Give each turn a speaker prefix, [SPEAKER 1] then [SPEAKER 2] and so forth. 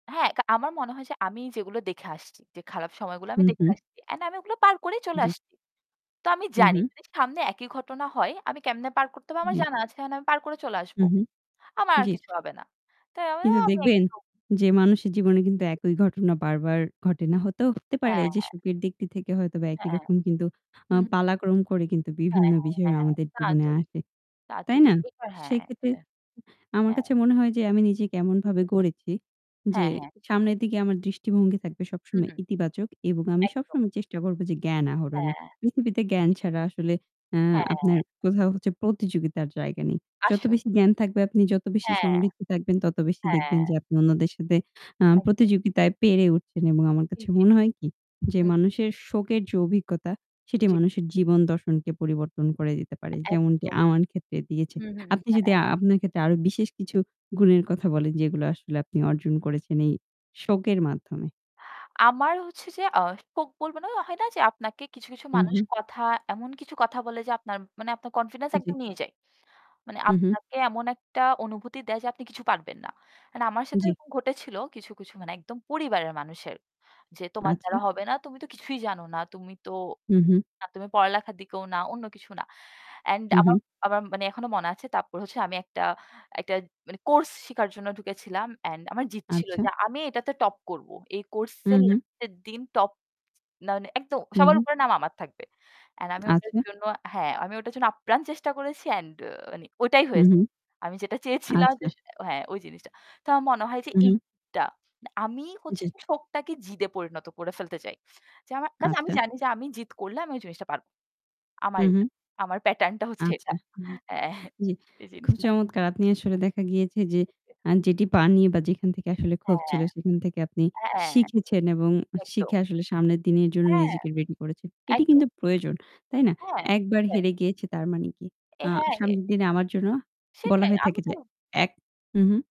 [SPEAKER 1] হ্যাঁ, আ আমার মনে হয় যে আমি যেগুলো দেখে আসছি, যে খারাপ সময়গুলো
[SPEAKER 2] হু,
[SPEAKER 1] আমি দেখে
[SPEAKER 2] হু।
[SPEAKER 1] আসছি। অ্যান্ড আমি ওগুলো পার করেই চলে
[SPEAKER 2] জি।
[SPEAKER 1] আসছি। তো আমি
[SPEAKER 2] হু,
[SPEAKER 1] জানি
[SPEAKER 2] হু।
[SPEAKER 1] যে সামনে একই ঘটনা হয়, আমি কেমনে পার করতে হবে, আমার
[SPEAKER 2] জি।
[SPEAKER 1] জানা আছে। আমি পার করে চলে আসব।
[SPEAKER 2] হু, হু,
[SPEAKER 1] আমার আর
[SPEAKER 2] জি।
[SPEAKER 1] কিছু হবে না। তো আমিও
[SPEAKER 2] কিন্তু
[SPEAKER 1] আমি
[SPEAKER 2] দেখবেন,
[SPEAKER 1] একদম
[SPEAKER 2] যে মানুষের জীবনে কিন্তু একই ঘটনা বারবার ঘটে না। হতেও হতে পারে
[SPEAKER 1] হ্যাঁ।
[SPEAKER 2] যে সুখের দিকটি থেকে হয়তো বা একই
[SPEAKER 1] হ্যাঁ,
[SPEAKER 2] রকম, কিন্তু আ
[SPEAKER 1] হু।
[SPEAKER 2] পালাক্রম করে কিন্তু
[SPEAKER 1] হ্যাঁ
[SPEAKER 2] বিভিন্ন
[SPEAKER 1] হ্যাঁ
[SPEAKER 2] বিষয়
[SPEAKER 1] হ্যাঁ,
[SPEAKER 2] আমাদের
[SPEAKER 1] তা
[SPEAKER 2] জীবনে
[SPEAKER 1] তো
[SPEAKER 2] আসে।
[SPEAKER 1] তা তো
[SPEAKER 2] তাই না?
[SPEAKER 1] ঠিক। এটা, হ্যাঁ।
[SPEAKER 2] সেক্ষেত্রে
[SPEAKER 1] এটা,
[SPEAKER 2] আমার
[SPEAKER 1] হ্যাঁ।
[SPEAKER 2] কাছে মনে হয় যে, আমি নিজে কেমনভাবে গড়েছি যে
[SPEAKER 1] হ্যাঁ, হ্যাঁ।
[SPEAKER 2] সামনের দিকে আমার দৃষ্টিভঙ্গি থাকবে
[SPEAKER 1] হু,
[SPEAKER 2] সবসময়
[SPEAKER 1] হু।
[SPEAKER 2] ইতিবাচক এবং আমি
[SPEAKER 1] একদম।
[SPEAKER 2] সবসময় চেষ্টা করব যে জ্ঞান আহরণে।
[SPEAKER 1] হ্যাঁ।
[SPEAKER 2] পৃথিবীতে জ্ঞান ছাড়া আসলে আ আপনার
[SPEAKER 1] হ্যাঁ।
[SPEAKER 2] কোথাও হচ্ছে প্রতিযোগিতার জায়গা নেই। যত
[SPEAKER 1] আসল।
[SPEAKER 2] বেশি জ্ঞান থাকবে, আপনি যত বেশি
[SPEAKER 1] হ্যাঁ।
[SPEAKER 2] সমৃদ্ধ থাকবেন, তত বেশি
[SPEAKER 1] হ্যাঁ।
[SPEAKER 2] দেখবেন যে আপনি অন্যদের সাথে আ
[SPEAKER 1] আচ্ছা।
[SPEAKER 2] প্রতিযোগিতায় পেরে উঠছেন এবং আমার
[SPEAKER 1] জি,
[SPEAKER 2] কাছে
[SPEAKER 1] জি,
[SPEAKER 2] মনে
[SPEAKER 1] জি।
[SPEAKER 2] হয় কি যে,
[SPEAKER 1] হুম।
[SPEAKER 2] মানুষের শোকের যে অভিজ্ঞতা সেটি
[SPEAKER 1] জ্বী।
[SPEAKER 2] মানুষের জীবন দর্শনকে পরিবর্তন করে দিতে পারে, যেমনটি
[SPEAKER 1] একদম।
[SPEAKER 2] আমার ক্ষেত্রে দিয়েছে।
[SPEAKER 1] হু, হু, হু।
[SPEAKER 2] আপনি
[SPEAKER 1] হ্যাঁ,
[SPEAKER 2] যদি
[SPEAKER 1] হ্যাঁ।
[SPEAKER 2] আপনার ক্ষেত্রে আরো বিশেষ কিছু গুণের কথা বলেন, যেগুলো আসলে আপনি অর্জন করেছেন এই শোকের মাধ্যমে।
[SPEAKER 1] আমার হচ্ছে যে, আ [unintelligible] বলব না হয় না যে, আপনাকে কিছু কিছু
[SPEAKER 2] হু,
[SPEAKER 1] মানুষ
[SPEAKER 2] হু।
[SPEAKER 1] কথা, এমন কিছু কথা বলে, যে আপনার মানে আপনার কনফিডেন্স
[SPEAKER 2] আ জি।
[SPEAKER 1] একদম নিয়ে যায়। মানে
[SPEAKER 2] হু, হু।
[SPEAKER 1] আপনাকে এমন একটা অনুভূতি দেয় যে, "আপনি কিছু পারবেন না।" মানে আমার সাথে
[SPEAKER 2] জি।
[SPEAKER 1] এরকম ঘটেছিল কিছু, কিছু মানে একদম পরিবারের মানুষের। যে, "তোমার দ্বারা
[SPEAKER 2] আচ্ছা।
[SPEAKER 1] হবে না, তুমি তো কিছুই জানো না। তুমি তো
[SPEAKER 2] হু, হু।
[SPEAKER 1] না তুমি পড়ালেখার দিকেও না, অন্য কিছু না।" অ্যান্ড
[SPEAKER 2] হু,
[SPEAKER 1] আমার
[SPEAKER 2] হু।
[SPEAKER 1] আমার মানে এখনো মনে আছে তারপর হচ্ছে আমি একটা একটা মানে কোর্স শিখার জন্য ঢুকেছিলাম। অ্যান্ড আমার জিদ্‌ ছিল,
[SPEAKER 2] আচ্ছা।
[SPEAKER 1] যে আমি এটাতে টপ করব। এই
[SPEAKER 2] হু,
[SPEAKER 1] কোর্সের
[SPEAKER 2] হু।
[SPEAKER 1] লাস্টের দিন টপ, মা মানে একদম
[SPEAKER 2] হু,
[SPEAKER 1] সবার
[SPEAKER 2] হু।
[SPEAKER 1] উপরে নাম আমার থাকবে। অ্যান্ড আমি ওটার
[SPEAKER 2] আচ্ছা।
[SPEAKER 1] জন্য হ্যাঁ, আমি ওটার জন্য আপ্রাণ চেষ্টা করেছি। অ্যান্ড মানে ওটাই
[SPEAKER 2] হু,
[SPEAKER 1] হয়েছে।
[SPEAKER 2] হু।
[SPEAKER 1] আমি যেটা চেয়েছিলাম যে,
[SPEAKER 2] আচ্ছা।
[SPEAKER 1] হ্যাঁ, ওই জিনিসটা। তো আমার মনে হয় যে,
[SPEAKER 2] হু, হু।
[SPEAKER 1] এইটা মানে আমি হচ্ছে
[SPEAKER 2] জি।
[SPEAKER 1] যে শখটাকে জিদে পরিণত করে ফেলতে চাই। যে আমার কাজ আমি
[SPEAKER 2] আচ্ছা।
[SPEAKER 1] জানি যে আমি জিদ করলে আমি ওই জিনিসটা পারব।
[SPEAKER 2] হু,
[SPEAKER 1] আমার এটা
[SPEAKER 2] হু।
[SPEAKER 1] আমার প্যাটার্ন টা হচ্ছে এটা।
[SPEAKER 2] আচ্ছা।
[SPEAKER 1] হ্যাঁ,
[SPEAKER 2] জি,
[SPEAKER 1] এই
[SPEAKER 2] খুব
[SPEAKER 1] জিনিসটা।
[SPEAKER 2] চমৎকার। আপনি আসলে দেখা গিয়েছে যে আ যেটি পাননি বা যেখান থেকে আসলে ক্ষোভ ছিল,
[SPEAKER 1] হ্যাঁ।
[SPEAKER 2] সেখান থেকে আপনি
[SPEAKER 1] এ হ্যাঁ।
[SPEAKER 2] শিখেছেন এবং
[SPEAKER 1] একদম।
[SPEAKER 2] শিখে আসলে সামনের দিনের জন্য
[SPEAKER 1] হ্যাঁ,
[SPEAKER 2] নিজেকে রেডি করেছেন। এটি
[SPEAKER 1] একদম।
[SPEAKER 2] কিন্তু প্রয়োজন। তাই না?
[SPEAKER 1] হ্যাঁ,
[SPEAKER 2] একবার
[SPEAKER 1] হ্যাঁ।
[SPEAKER 2] হেরে গিয়েছে তার মানে কি?
[SPEAKER 1] এ
[SPEAKER 2] আ
[SPEAKER 1] হ্যাঁ।
[SPEAKER 2] সামনের দিনে আমার জন্য বলা
[SPEAKER 1] সেটাই
[SPEAKER 2] হয়ে
[SPEAKER 1] আমি
[SPEAKER 2] থাকে
[SPEAKER 1] তো
[SPEAKER 2] যে এক হু, হু।